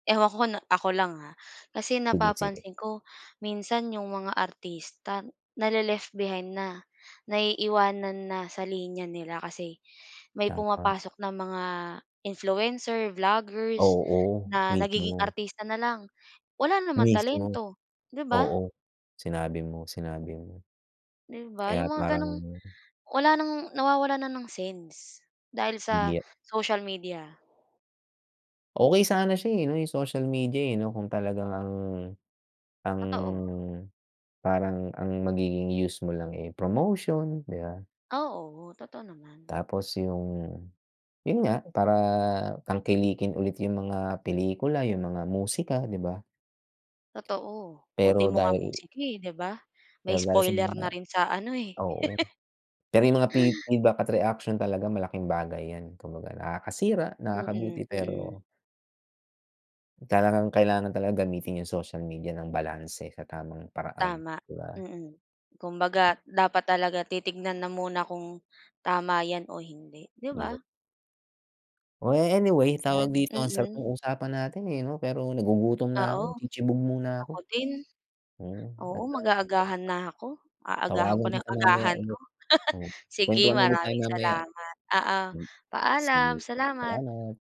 Ewan ko kung ako lang ha, kasi Sige-sige. napapansin ko minsan yung mga artista, nale-left behind na, naiiwanan na sa linya nila, kasi may Dapat. pumapasok ng mga influencer, vloggers Oo, na nagiging mismo. artista nalang, wala naman Mismo. talento, 'di ba? Oo, sinabi mo sinabi mo, Di ba, kaya yung mga parang gano'ng wala ng nawawalan na ng sense dahil sa Hindi. social media. Okey sana siya eh 'no, yung social media eh, 'no, kung talagang ang ang Totoo. parang ang magiging use mo lang eh promotion, di ba? Oo, totoo naman. Tapos yung, yun nga, para tangkilikin ulit yung mga pelikula, yung mga musika, di ba? Totoo, Pero ultimo nga dahil musika eh, 'di ba, may Pero dahil sa spoiler na mga rin sa ano eh. oo. Pero yung mga feed feedback at reaction talaga malaking bagay yan. Kumbaga nakakasira, nakakabuti. Mm-mm. Pero talagang kailangan talaga gamitin yung social media ng balanse sa tamang paraan, Tama, di ba? mm, kumbaga dapat talaga titingnan na muna kung tama 'yan o hindi, 'di Iyo ba? Oh, anyway, Andiyan, tawag dito, ang sarap mm. ng usapan natin eh, 'no? Pero nagugutom na Oo, ako, tsitsibog muna ako. ako din. Mm, at, Oo, ah mag-aagahan na ako, aagahan ko Tawagan na kita mamaya agahan ko. ulit. Oh, Sige, kwentuhan ulit tayo maraming mamaya. salamat. Oo, Hmm. Sige, paalam. Salamat salamat.